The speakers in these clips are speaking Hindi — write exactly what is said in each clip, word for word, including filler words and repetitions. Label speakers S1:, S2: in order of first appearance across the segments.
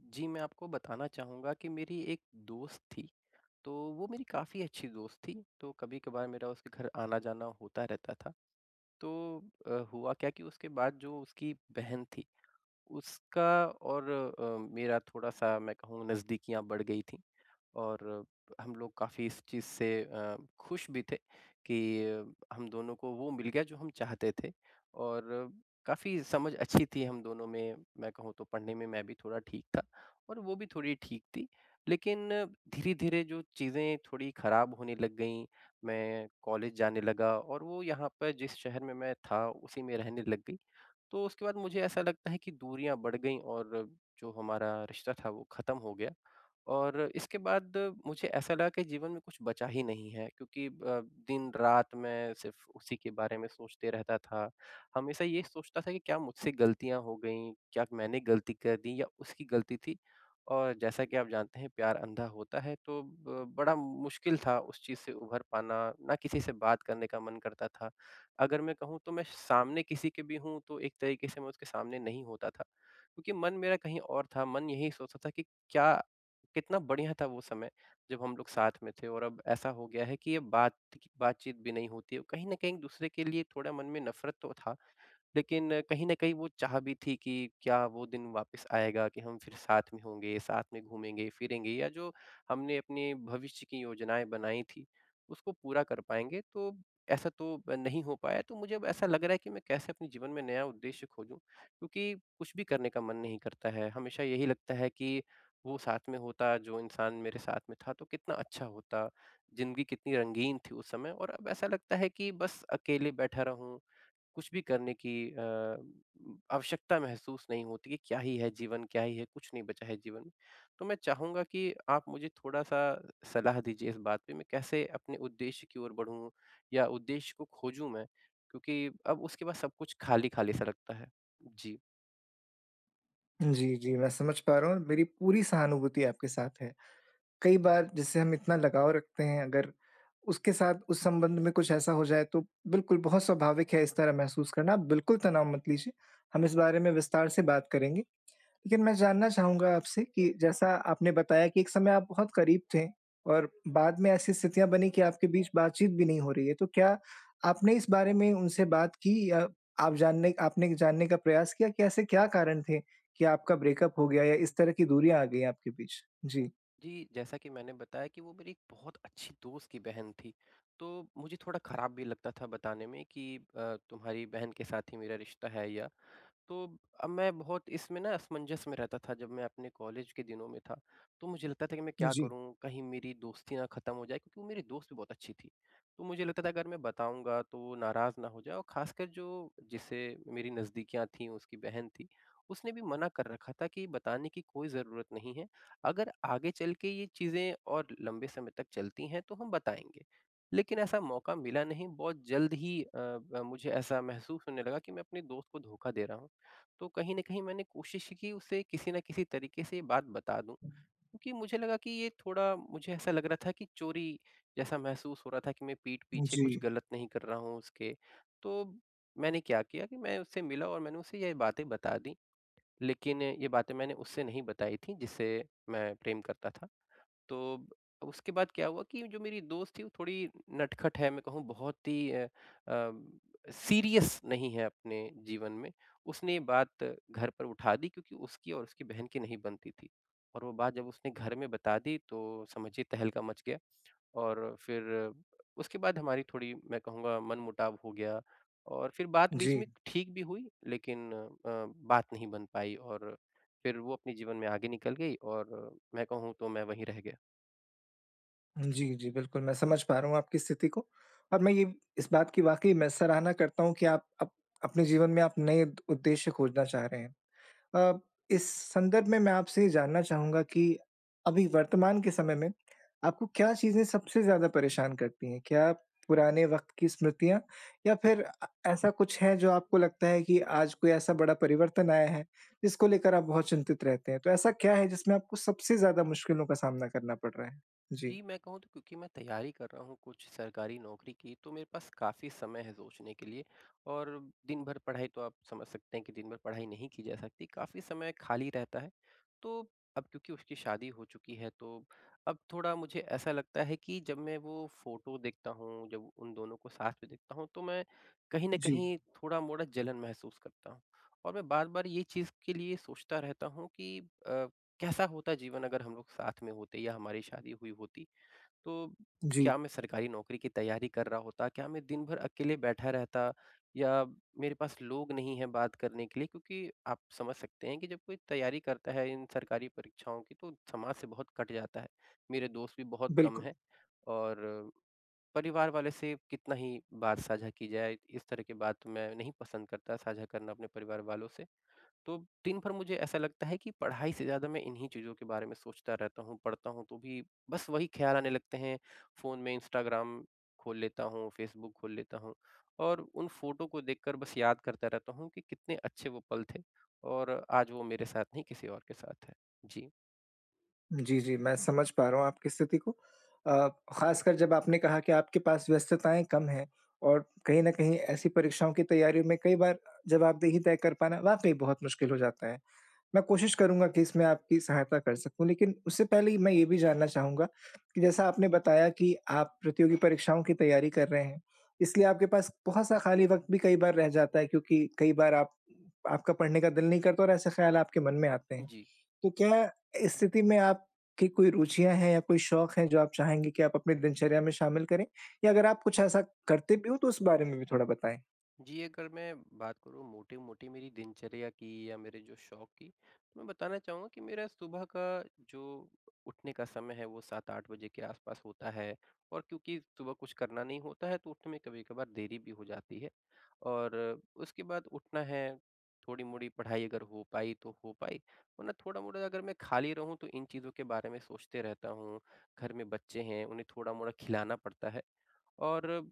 S1: जी, मैं आपको बताना चाहूँगा कि मेरी एक दोस्त थी। तो वो मेरी काफ़ी अच्छी दोस्त थी तो कभी-कभार मेरा उसके घर आना जाना होता रहता था। तो अ, हुआ क्या कि उसके बाद जो उसकी बहन थी उसका और अ, मेरा थोड़ा-सा मैं कहूँ नज़दीकियाँ बढ़ गई थीं और हम लोग काफ़ी इस चीज़ से अ, ख़ुश भी थे कि हम दोनों को वो मिल गया जो हम चाहते थे और काफ़ी समझ अच्छी थी हम दोनों में। मैं कहूँ तो पढ़ने में मैं भी थोड़ा ठीक था और वो भी थोड़ी ठीक थी। लेकिन धीरे-धीरे जो चीज़ें थोड़ी ख़राब होने लग गईं। मैं कॉलेज जाने लगा और वो यहाँ पर जिस शहर में मैं था उसी में रहने लग गई। तो उसके बाद मुझे ऐसा लगता है कि दूरियाँ बढ़ गईं और जो हमारा रिश्ता था वो ख़त्म हो गया। और इसके बाद मुझे ऐसा लगा कि जीवन में कुछ बचा ही नहीं है क्योंकि अ, दिन-रात मैं सिर्फ़ उसी के बारे में सोचते रहता था। हमेशा ये सोचता था कि क्या मुझसे गलतियाँ हो गईं? क्या मैंने गलती कर दी या उसकी गलती थी? और जैसा कि आप जानते हैं प्यार अँधा होता है। तो अ, बड़ा मुश्किल था उस चीज़ से उभर पाना। ना किसी से बात करने का मन करता था। अगर मैं कहूँ तो मैं सामने किसी के भी हूँ तो एक तरीके से मैं उसके सामने नहीं होता था। क्योंकि मन मेरा कहीं और था मन यही सोचता था कि, क्या कितना बढ़िया था वो समय जब हम लोग साथ में थे और अब ऐसा हो गया है कि ये बात बातचीत भी नहीं होती है। कहीं न कहीं एक-दूसरे के लिए थोड़ा मन में नफ़रत तो था। लेकिन कहीं न कहीं वो चाह भी थी कि क्या वो दिन वापस आएगा कि हम फिर साथ में होंगे, साथ में घूमेंगे-फिरेंगे या जो हमने अपने भविष्य की योजनाएँ बनाईं थी उसको पूरा कर पाएँगे? तो ऐसा तो नहीं हो पाया। तो मुझे अब ऐसा लग रहा है कि मैं कैसे अपने जीवन में नया उद्देश्य खोजूँ? क्योंकि कुछ भी करने का मन नहीं करता है, हमेशा यही लगता है कि वो साथ में होता जो इंसान मेरे साथ में था तो कितना अच्छा होता, ज़िंदगी कितनी रंगीन थी उस समय और अब ऐसा लगता है कि बस अकेले बैठा रहूँ कुछ भी करने की अ, आवश्यकता महसूस नहीं होती है। क्या ही है जीवन? क्या ही है? कुछ नहीं बचा है जीवन। तो मैं चाहूँगा कि आप मुझे थोड़ा-सा सलाह दीजिए इस बात पे मैं कैसे अपने उद्देश्य की ओर बढ़ूँ या उद्देश्य को खोजूँ मैं? क्योंकि अब उसके पास सब कुछ खाली-खाली सा लगता है। जी।
S2: जी, जी। मैं समझ पा रहा हूँ और मेरी पूरी सहानुभूति आपके साथ है। कई बार जिससे हम इतना लगाव रखते हैं, अगर उसके साथ, उस संबंध में कुछ ऐसा हो जाए, तो बिल्कुल, बहुत स्वाभाविक है इस तरह महसूस करना। आप बिल्कुल तनाव मत लीजिए। हम इस बारे में विस्तार से बात करेंगे। लेकिन मैं जानना चाहूँगा आपसे कि जैसा आपने बताया कि एक समय आप बहुत करीब थे और बाद में ऐसी स्थितियाँ बनीं कि आपके बीच बातचीत भी नहीं हो रही है। तो क्या आपने इस बारे में उनसे बात की या आप जानने एक आपने एक जानने का प्रयास किया कि ऐसे क्या कारण थे कि आपका ब्रेकअप हो गया या इस तरह की दूरियाँ आ गईं आपके बीच? जी।
S1: जी। जैसा कि मैंने बताया कि वो मेरी एक बहुत अच्छी दोस्त की बहन थी, तो मुझे थोड़ा ख़राब भी लगता था बताने में कि अ, तुम्हारी बहन के साथ ही मेरा रिश्ता है। या तो अब मैं बहुत इसमें ना असमंजस में रहता था, जब मैं अपने कॉलेज के दिनों में था, तो मुझे लगता था कि, "मैं क्या
S2: जी।
S1: करूँ? कहीं मेरी दोस्ती ना ख़त्म हो जाए।" क्योंकि वो मेरी दोस्त भी बहुत अच्छी थी। तो मुझे लगता था, अगर मैं बताऊँगा, तो वो नाराज़ ना हो जाए और ख़ासकर जो जिससे मेरी नज़दीकियाँ थीं, वो उसकी बहन थी। उसने भी मना कर रखा था कि, "बताने की कोई ज़रूरत नहीं है। अगर आगे चल के ये चीज़ें और लंबे समय तक चलती हैं, तो हम बताएँगे।" लेकिन ऐसा मौका मिला नहीं, बहुत जल्द ही अ, ब मुझे ऐसा महसूस होने लगा कि मैं अपने दोस्त को धोखा दे रहा हूँ। तो कहीं न कहीं मैंने कोशिश की, उसे किसी न किसी तरीके से ये बात बता दूँ क्योंकि मुझे लगा कि ये थोड़ा, मुझे ऐसा लग रहा था कि चोरी जैसा महसूस हो रहा था कि मैं पीठ पीछे
S2: जी।
S1: कुछ गलत नहीं कर रहा हूँ, उसके। तो मैंने क्या किया कि मैं उससे मिला और मैंने उसे ये बातें बता दी, लेकिन ये बातें मैंने उससे नहीं बताई थी, जिसे मैं प्रेम करता था। तो अब उसके बाद क्या हुआ कि जो मेरी दोस्त थी, वो थोड़ी नटखट है। मैं कहूँ, बहुत ही अ, अम, सीरियस नहीं है अपने जीवन में। उसने ये बात घर पर उठा दी क्योंकि उसकी और उसकी बहन की नहीं बनती थी और वो बात जब उसने घर में बता दी, तो समझिए, तहलका मच गया और फिर उसके बाद हमारी थोड़ी, मैं कहूँगा, मनमुटाव हो गया और फिर बात बीच में
S2: जी।
S1: ठीक भी हुई, लेकिन अ, बात नहीं बन पाई और फिर वो अपने जीवन में आगे निकल गई और मैं कहूँ, तो मैं वहीं रह गया।
S2: जी, जी, बिल्कुल, मैं समझ पा रहा हूँ आपकी स्थिति को, और मैं ये इस बात की वाक़ई मैं सराहना करता हूँ कि आप अप अपने जीवन में आप नए द उद्देश्य खोजना चाह रहे हैं। अ, इस संदर्भ में मैं आपसे ये जानना चाहूँगा कि अभी वर्तमान के समय में, आपको क्या चीज़ें सबसे ज़्यादा परेशान करती हैं? क्या पुराने वक़्त की स्मृतियाँ या फिर अ, ऐसा कुछ है जो आपको लगता है कि आज कोई ऐसा बड़ा परिवर्तन आया है, जिसको लेकर आप बहुत चिंतित रहते हैं? तो ऐसा क्या है जिसमें आपको सबसे ज़्यादा मुश्किलों का सामना करना पड़ रहा है? जी।
S1: जी, मैं कहूँ तो क्योंकि मैं तैयारी कर रहा हूँ कुछ सरकारी नौकरी की, तो मेरे पास काफ़ी समय है सोचने के लिए। और दिन-भर पढ़ाई तो आप समझ सकते हैं कि, दिन-भर पढ़ाई नहीं की जा सकती काफ़ी समय खाली रहता है। तो अब क्योंकि उसकी शादी हो चुकी है, तो अब थोड़ा मुझे ऐसा लगता है कि जब मैं वो फ़ोटो देखता हूँ, जब उन दोनों को साथ में देखता हूँ, तो मैं कहीं न
S2: जी।
S1: कहीं थोड़ा-मोड़ा जलन महसूस करता हूँ। और मैं बार-बार ये चीज़ के लिए सोचता रहता हूँ कि अ, कैसा होता जीवन अगर हम लोग साथ में होते या हमारी शादी हुई होती? तो
S2: जी।
S1: क्या मैं सरकारी नौकरी की तैयारी कर रहा होता, क्या मैं दिन-भर अकेले बैठा रहता या मेरे पास लोग नहीं है बात करने के लिए क्योंकि आप समझ सकते हैं कि, जब कोई तैयारी करता है इन सरकारी परीक्षाओं की तो समाज से बहुत कट जाता है, मेरे दोस्त भी बहुत कम
S2: बिल्कुल।
S1: हैं और परिवार वालों से कितना ही बात साझा की जाए, इस तरह की बात मैं नहीं पसंद करता साझा करना अपने परिवार वालों से। तो दिन भर मुझे ऐसा लगता है कि पढ़ाई से ज़्यादा, मैं इन्हीं चीज़ों के बारे में सोचता रहता हूँ, पढ़ता हूँ तो भी बस वही ख़्याल आने लगते हैं, फ़ोन में इंस्टाग्राम खोल लेता हूँ, फ़ेसबुक खोल लेता हूँ और उन फ़ोटो को देख कर बस याद करता रहता हूँ, कि कितने अच्छे वो पल थे, और आज वो मेरे साथ नहीं किसी और के साथ है। जी।
S2: जी, जी। मैं समझ पा रहा हूँ आपकी स्थिति को अ, ख़ासकर जब आपने कहा कि आपके पास व्यस्तताएँ कम हैं। और कहीं न कहीं ऐसी परीक्षाओं की तैयारियों में कई बार जवाबदेही तय कर पाना वाक़ई बहुत मुश्किल हो जाता है। मैं कोशिश करूँगा कि इसमें आपकी सहायता कर सकूँ। लेकिन उससे पहले मैं ये भी जानना चाहूँगा कि जैसा आपने बताया कि आप प्रतियोगी परीक्षाओं की तैयारी कर रहे हैं। इसलिए आपके पास बहुत-सा खाली वक़्त भी कई बार रह जाता है क्योंकि कई बार आप आपका पढ़ने का दिल नहीं करता और ऐसे ख़्याल आपके मन में आते हैं।
S1: जी।
S2: तो क्या इस स्थिति में आपकी कोई रुचियाँ हैं या कोई शौक हैं, जो आप चाहेंगे कि आप अपनी दिनचर्या में शामिल करें या अगर आप कुछ ऐसा करते भी हो तो उस बारे में भी थोड़ा बताएँ?
S1: जी, अगर मैं बात करूँ मोटी-मोटी मेरी दिनचर्या की या मेरे जो शौक की मैं बताना चाहूँगा कि मेरा सुबह का जो उठने का समय है वो सात आठ बजे के आस-पास होता है। और क्योंकि सुबह कुछ करना नहीं होता है तो उठने में कभी-कभार देरी भी हो जाती है। और उसके बाद उठना है, थोड़ी-मोड़ी पढ़ाई अगर हो पाई तो हो पाई, वरना थोड़ा-मोड़ा अगर मैं खाली रहूँ तो इन चीज़ों के बारे में सोचते रहता हूँ। घर में बच्चे हैं उन्हें थोड़ा-मोड़ा खिलाना पड़ता है और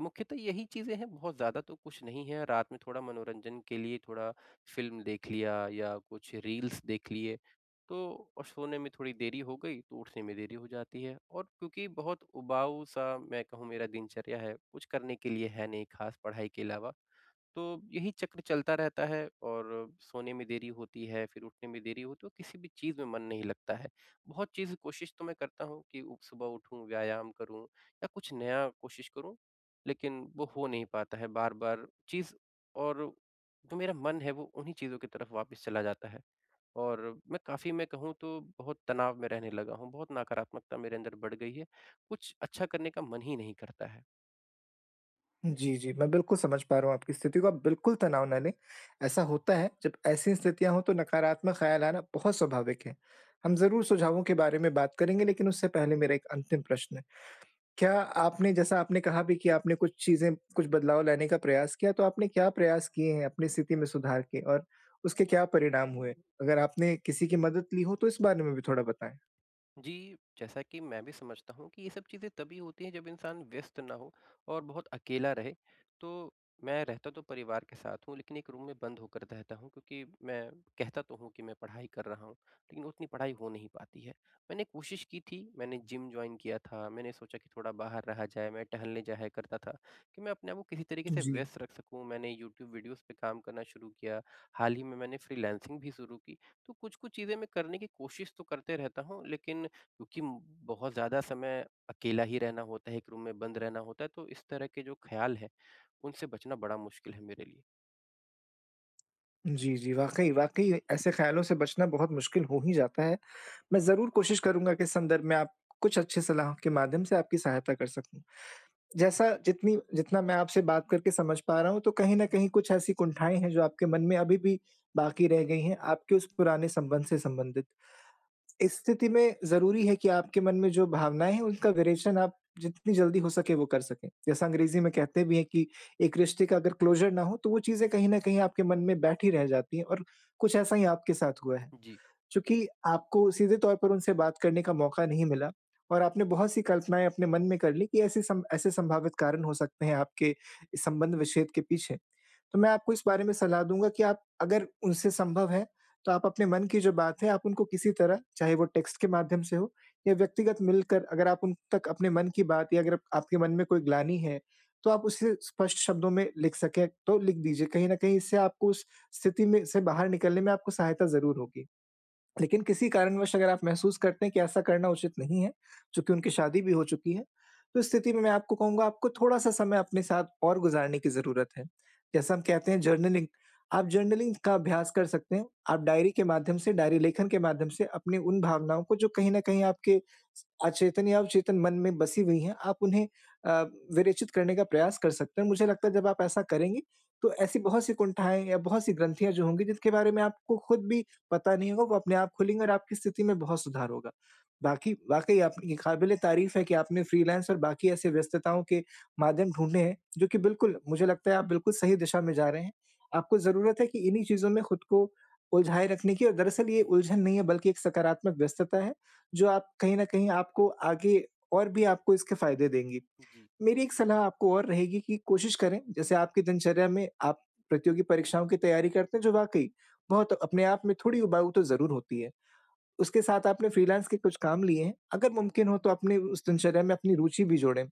S1: मुख्यतः यही चीज़ें हैं बहुत ज़्यादा तो कुछ नहीं है। रात में थोड़ा मनोरंजन के लिए थोड़ा फ़िल्म देख लिया या कुछ रील्स देख लिए तो और सोने में थोड़ी देरी हो गई तो उठने में देरी हो जाती है और क्योंकि बहुत उबाऊ-सा मैं कहूँ मेरा दिनचर्या है कुछ करने के लिए है नहीं ख़ास पढ़ाई के अलावा। तो यही चक्र चलता रहता है और सोने में देरी होती है, फ़िर उठने में देरी हो तो किसी भी चीज़ में मन नहीं लगता है। बहुत चीज़ कोशिश तो मैं करता हूँ कि सुबह उठूँ, व्यायाम करूँ या कुछ नया कोशिश करूँ लेकिन वो हो नहीं पाता है बार-बार चीज़ और जो मेरा मन है वो उन्हीं चीज़ों की तरफ वापस चला जाता है। और मैं काफ़ी मैं कहूँ तो बहुत तनाव में रहने लगा हूँ, बहुत नकारात्मकता मेरे अंदर बढ़ गई है। कुछ अच्छा करने का मन ही नहीं करता है।
S2: जी, जी। मैं बिल्कुल समझ पा रहा हूँ आपकी स्थिति को। आप बिल्कुल तनाव ना लें। ऐसा होता है, जब ऐसी स्थितियाँ हो, तो नकारात्मक ख़्याल आना बहुत स्वाभाविक है। हम ज़रूर सुझावों के बारे में बात करेंगे, लेकिन उससे पहले मेरा एक अंतिम प्रश्न है। क्या आपने जैसा आपने कहा भी कि आपने कुछ चीज़ें, कुछ बदलाव लाने का प्रयास किया, तो आपने क्या प्रयास किए हैं अपनी स्थिति में सुधार के? और उसके क्या परिणाम हुए? अगर आपने किसी की मदद ली हो, तो इस बारे में भी थोड़ा बताएँ?
S1: जी, जैसा कि मैं भी समझता हूँ कि ये सब चीज़ें तभी होती है, जब इंसान व्यस्त ना हो और बहुत अकेला रहे, तो मैं रहता तो परिवार के साथ हूँ, लेकिन एक रूम में बंद होकर रहता हूँ, क्योंकि मैं कहता तो हूँ कि मैं पढ़ाई कर रहा हूँ, लेकिन उतनी पढ़ाई हो नहीं पाती है। मैंने कोशिश कि थी। मैंने जिम जॉइन किया था। मैंने सोचा कि थोड़ा बाहर रहा जाए। मैं टहलने जाया करता था कि मैं अपने आप को किसी तरीके से
S2: जी।
S1: व्यस्त रख सकूँ। मैंने यूट्यूब वीडियोज़ पे काम करना शुरू किया। हाल ही में मैंने फ्रीलांसिंग भी शुरू की। तो कुछ-कुछ चीज़ें मैं करने की कोशिश तो करते रहता हूँ, लेकिन क्योंकि म बहुत ज़्यादा समय अकेला ही रहना होता है, एक रूम में बंद रहना होता है, तो इस तरह के जो ख़्याल हैं, उनसे बचना बड़ा मुश्किल है मेरे लिए।
S2: जी, जी। वाक़ई, वाक़ई ऐसे ख़यालों से बचना बहुत मुश्किल हो ही जाता है। मैं ज़रूर कोशिश करूँगा कि इस संदर्भ में आप कुछ अच्छी सलाहों के माध्यम से आपकी सहायता कर सकूँ। जैसा जितनी जितना मैं आपसे बात करके समझ पा रहा हूँ तो कहीं न कहीं कुछ ऐसी कुंठाएँ हैं जो आपके मन में अभी भी बाक़ी रह गई हैं, आपके उस पुराने संबंध से संबंधित। इस स्थिति में ज़रूरी है कि आपके मन में जो भावनाएँ हैं उनका विरेचन आप जितनी जल्दी हो सके वो कर सकें। जैसा अंग्रेज़ी में कहते भी हैं कि एक रिश्ते का अगर क्लोज़र ना हो तो वो चीज़ें कहीं न कहीं आपके मन में बैठी रह जाती हैं और कुछ ऐसा ही आपके साथ हुआ है।
S1: जी।
S2: चूँकि आपको सीधे तौर पर उनसे बात करने का मौक़ा नहीं मिला और आपने बहुत सी कल्पनाएँ अपने मन में कर लीं कि ऐसे सम ऐसे संभावित कारण हो सकते हैं, आपके संबंध-विच्छेद के पीछे। तो मैं आपको इस बारे में सलाह दूँगा कि आप अगर उनसे संभव है तो आप अपने मन की जो बात है आप उनको किसी तरह चाहे वो टेक्स्ट के माध्यम से हो या व्यक्तिगत मिलकर अगर आप उन तक अपने मन की बात या अगर अप आपके मन में कोई ग्लानि है तो आप उसे स्पष्ट शब्दों में लिख सकें तो लिख दीजिए। कहीं न कहीं इससे आपको उस स्थिति में से बाहर निकलने में आपको सहायता ज़रूर होगी। लेकिन किसी कारणवश अगर आप महसूस करते हैं कि ऐसा करना उचित नहीं है चूँकि उनकी शादी भी हो चुकी है तो इस स्थिति में मैं आपको कहूँगा आपको थोड़ा-सा समय अपने साथ और गुज़ारने की ज़रूरत है। जैसा हम कहते हैं जर्नलिंग आप जर्नलिंग का अभ्यास कर सकते हैं। आप डायरी के माध्यम से डायरी-लेखन के माध्यम से अपने उन भावनाओं को जो कहीं न कहीं आपके अचेतन या अवचेतन मन में बसी हुई हैं, आप उन्हें अ, विरुचित करने का प्रयास कर सकते हैं। मुझे लगता है जब आप ऐसा करेंगे तो ऐसी बहुत सी कुंठाएँ या बहुत सी ग्रंथियाँ जो होंगी, जिसके बारे में आपको ख़ुद भी पता नहीं होगा, वो अपने आप खुलेंगी और आपकी स्थिति में बहुत सुधार होगा। बाक़ी वाक़ई आपकी क़ाबिल-ए-तारीफ़ है कि आपने फ्रीलांस और बाक़ी ऐसे व्यस्तताओं के माध्यम ढूँढे हैं, जो कि बिल्कुल मुझे लगता है आप बिल्कुल सही दिशा में जा रहे हैं। आपको ज़रूरत है कि इन्हीं चीज़ों में ख़ुद को उलझाए रखने की दरअसल ये उलझन नहीं है बल्कि एक सकारात्मक व्यस्तता है। जो आप कहीं न कहीं आपको आगे और भी आपको इसके फ़ायदे देंगी।
S1: जी।
S2: मेरी एक सलाह आपको और रहेगी कि कोशिश करें जैसे आपकी दिनचर्या में आप प्रतियोगी परीक्षाओं की तैयारी करते हैं जो वाक़ई बहुत अपने आप में थोड़ी उबाऊ तो ज़रूर होती है। उसके साथ आपने फ्रीलांस के कुछ काम लिए हैं अगर मुमकिन हो तो अपने उस दिनचर्या में अपनी रुचि भी जोड़ें।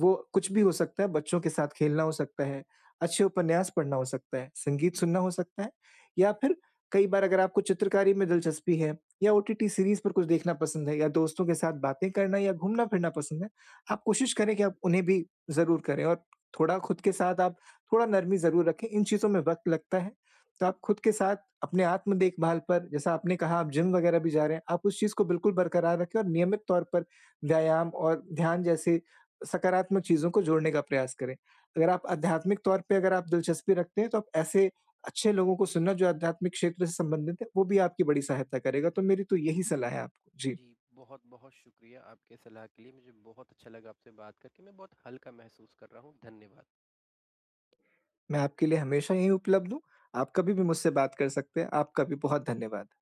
S2: वो कुछ भी हो सकता है, बच्चों के साथ खेलना हो सकता है, अच्छे उपन्यास पढ़ना हो सकता है, संगीत सुनना हो सकता है या फिर कई बार अगर आपको चित्रकारी में दिलचस्पी है या ओटीटी सीरीज़ पर कुछ देखना पसंद है या दोस्तों के साथ बातें करना या घूमना-फिरना पसंद है। आप कोशिश करें कि आप उन्हें भी ज़रूर करें और थोड़ा ख़ुद के साथ आप थोड़ा नरमी ज़रूर रखें इन चीज़ों में वक़्त लगता है। तो आप ख़ुद के साथ अपने आत्म-देखभाल पर जैसा आपने कहा आप जिम-वगैरह भी जा रहे हैं। आप उस चीज़ को बिल्कुल बरकरार रखें और नियमित तौर पर व्यायाम और ध्यान जैसे सकारात्मक चीज़ों को जोड़ने का प्रयास करें। अगर आप आध्यात्मिक तौर पे अगर आप दिलचस्पी रखते हैं तो आप ऐसे अच्छे लोगों को सुनना जो आध्यात्मिक क्षेत्र से संबंधित है वो भी आपकी बड़ी सहायता करेगा तो मेरी तो यही सलाह है आपको। जी।
S1: जी, बहुत-बहुत शुक्रिया आपके सलाह के लिए। मुझे बहुत अच्छा लगा आपसे बात करके मैं बहुत हल्का महसूस कर रहा हूँ। धन्यवाद।
S2: मैं आपके लिए हमेशा यही उपलब्ध हूँ। आप कभी भी मुझसे बात कर सकते हैं आपका भी बहुत धन्यवाद।